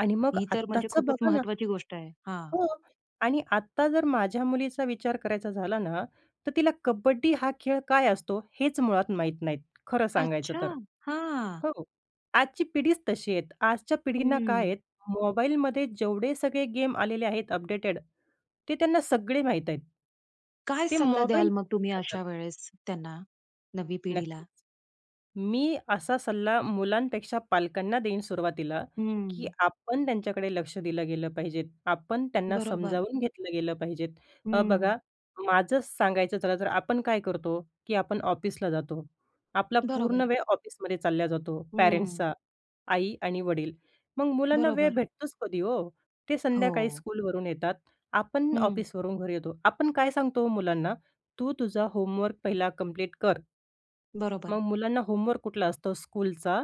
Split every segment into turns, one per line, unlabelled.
आणि मग
ही तर म्हणजे
आत्ताच
खूपच
बघा ना.
महत्वाची गोष्ट आहे. हां.
हो आणि आता जर माझ्या मुलीचा विचार करायचा झाला ना, तर तिला कबड्डी हा खेळ काय असतो हेच मुळात माहीत नाही, खरं सांगायचं
अच्छा.
तर.
हां.
हो, आजची पिढीच तशी आहेत. आजच्या पिढींना काय
हं.
आहेत मोबाईलमध्ये जेवढे सगळे गेम आलेले आहेत अपडेटेड, ते त्यांना सगळे माहीत आहेत.
काय
ते
सल्ला द्याल
मोबाईल
मग तुम्ही
[unintelligible]
अशा वेळेस त्यांना, नवी पिढीला?
नक्कीच, मी असा सल्ला मुलांपेक्षा पालकांना देईन सुरुवातीला, की
हं.
आपण त्यांच्याकडे लक्ष दिलं गेलं पाहिजे. आपण त्यांना
बरोबर.
समजावून घेतलं गेलं पाहिजे. अ, बघा
हं.
माझं सांगायचं झालं. तर आपण काय करतो, की आपण ऑफिसला जातो. आपला पूर्ण
बरोबर.
वेळ ऑफिसमध्ये चालला जातो
हं.
पॅरेंट्सचा, आई आणि वडील. मग मुलांना वेळ
बरोबर.
भेटतोच कधी ओ. ते संध्याकाळी
हो.
स्कूलवरून येतात. आपण
हं.
ऑफिसवरून घरी येतो. आपण काय सांगतो ओ मुलांना. तू तुझा होमवर्क पहिला कंप्लीट कर. मग
बरोबर.
मुलांना होमवर्क कुठला असतो स्कूलचा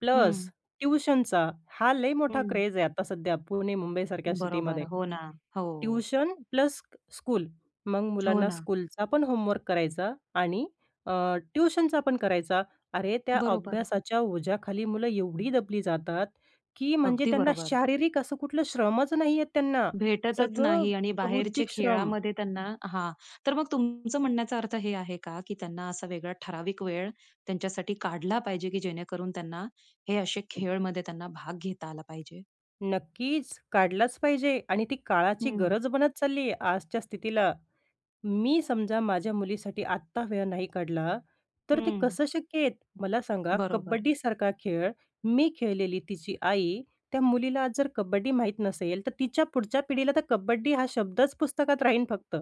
प्लस
हं.
ट्युशनचा. हा लय मोठा
हं.
क्रेझ आहे आता सध्या पुणे, मुंबईसारख्या
बरोबर.
सिटीमध्ये.
हो ना. हो.
ट्युशन प्लस स्क स्कूल. मग
हो
मुलांना
ना.
स्कूलचा पण होमवर्क करायचा आणि अ, ट्युशनचा पण करायचा. अरे, त्या
बरोबर.
अभ्यासाच्या ओझ्याखाली मुलं एवढी दबली जातात, की म्हणजे
अगदी
त्यांना
बरोबर.
शारीरिक असं कुठलं श्रमच नाहीये त्यांना,
भेटतच
सगळं
नाही आणि बाहेरचे
बौद्धिक श्रम.
खेळामध्ये त्यांना हां, तर मग तुमचं म्हणण्याचा अर्थ हे आहे का, की त्यांना असा वेगळा ठराविक वेळ त्यांच्यासाठी काढला पाहिजे, की जेणेकरून त्यांना हे असे खेळमध्ये त्यांना भाग घेता आला पाहिजे?
नक्कीच, काढलाच पाहिजे आणि ती काळाची
हं.
गरज बनत चालली आहे आजच्या स्थितीला. मी समजा माझ्या मुलीसाठी आत्ता वेळ नाही काढला, तर ते
हं.
कसं शक्य आहे. मला सांगा
बरोबर.
कबड्डीसारखा खेळ, मी खेळलेली तिची आई. त्या मुलीला जर कबड्डी माहीत नसेल, तर तिच्या पुढच्या पिढीला तर कबड्डी हा शब्दच पुस्तकात राहीन फक्त.